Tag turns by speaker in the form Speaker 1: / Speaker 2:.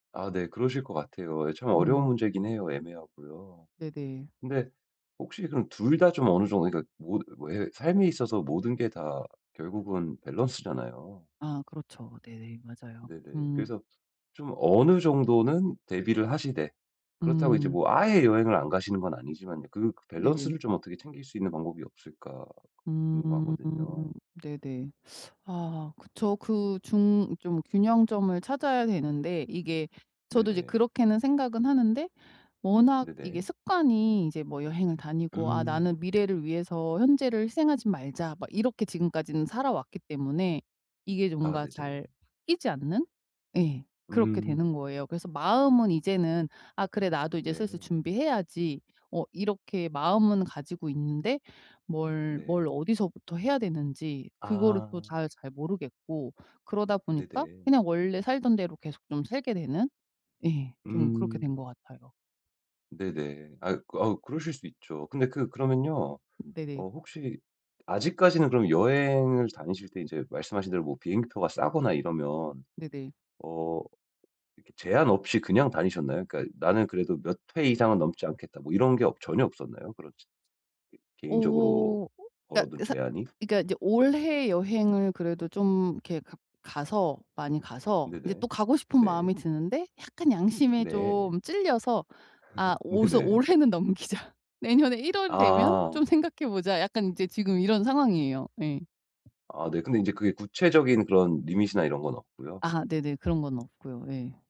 Speaker 1: 아 네 그러실 것 같아요. 이게 참 어려운
Speaker 2: 음.
Speaker 1: 문제긴 해요 애매하고요.
Speaker 2: 네네.
Speaker 1: 근데 혹시 그럼 2 다 좀 어느 정도 그러니까 모드 왜 삶에 있어서 모든 게 다 결국은 밸런스잖아요.
Speaker 2: 아 그렇죠. 네네. 맞아요.
Speaker 1: 네네.
Speaker 2: 음.
Speaker 1: 그래서 좀 어느 정도는 대비를 하시되 그렇다고 이제
Speaker 2: 음.
Speaker 1: 뭐 아예 여행을 안 가시는 건 아니지만요, '그
Speaker 2: 네네.
Speaker 1: 밸런스를 좀 어떻게 챙길 수 있는 방법이 없을까.'
Speaker 2: 음.
Speaker 1: 궁금하거든요.
Speaker 2: 네네. 아 그쵸. 그 중 좀 균형점을 찾아야 되는데 이게 저도 이제
Speaker 1: 네네.
Speaker 2: 그렇게는 생각은 하는데 워낙 이게
Speaker 1: 네네.
Speaker 2: 습관이 이제 뭐 여행을 다니고 '아
Speaker 1: 음.
Speaker 2: 나는 미래를 위해서 현재를 희생하진 말자.' 막 이렇게 지금까지는 살아왔기 때문에 이게
Speaker 1: 아
Speaker 2: 뭔가 잘
Speaker 1: 네네.
Speaker 2: 바뀌지 않는? 예. 그렇게
Speaker 1: 음.
Speaker 2: 되는 거예요. 그래서 마음은 이제는 아 그래 나도 이제 슬슬
Speaker 1: 네.
Speaker 2: 준비해야지 어 이렇게 마음은 가지고 있는데 뭘, 뭘
Speaker 1: 네.
Speaker 2: 어디서부터 해야 되는지 그거를 또
Speaker 1: 아.
Speaker 2: 잘 잘 모르겠고 그러다 보니까
Speaker 1: 네네.
Speaker 2: 그냥 원래 살던 대로 계속 좀 살게 되는 예 좀 그렇게
Speaker 1: 음.
Speaker 2: 된 것 같아요.
Speaker 1: 네네. 아이 그 아우 그러실 수 있죠. 근데 그 그러면요.
Speaker 2: 네네.
Speaker 1: 어 혹시 아직까지는 그럼 여행을 다니실 때 인제 말씀하신 대로 뭐 비행기표가 싸거나 이러면
Speaker 2: 네네.
Speaker 1: 어 이렇게 제한 없이 그냥 다니셨나요? 그러니까 '나는 그래도 몇 회 이상은 넘지 않겠다.' 뭐 이런 게 없 전혀 없었나요? 그런 저 개인적으로
Speaker 2: 오.
Speaker 1: 걸어 둔
Speaker 2: 그러니까 사
Speaker 1: 제한이?
Speaker 2: 그러니까 이제 올해 여행을 그래도 좀 이렇게 가 가서 많이 가서 이제
Speaker 1: 네네.
Speaker 2: 또 가고 싶은
Speaker 1: 네.
Speaker 2: 마음이 드는데 약간 양심에
Speaker 1: 네.
Speaker 2: 좀 찔려서 아 오서
Speaker 1: 네네.
Speaker 2: '올해는 넘기자, 내년에 1 월이 되면
Speaker 1: 아.
Speaker 2: 좀 생각해 보자.' 약간 이제 지금 이런 상황이에요. 예.
Speaker 1: 아 네. 근데 인제 그게 구체적인 그런 리밋이나 이런 건 없고요?
Speaker 2: 아 네네. 그런 건 없고요. 예.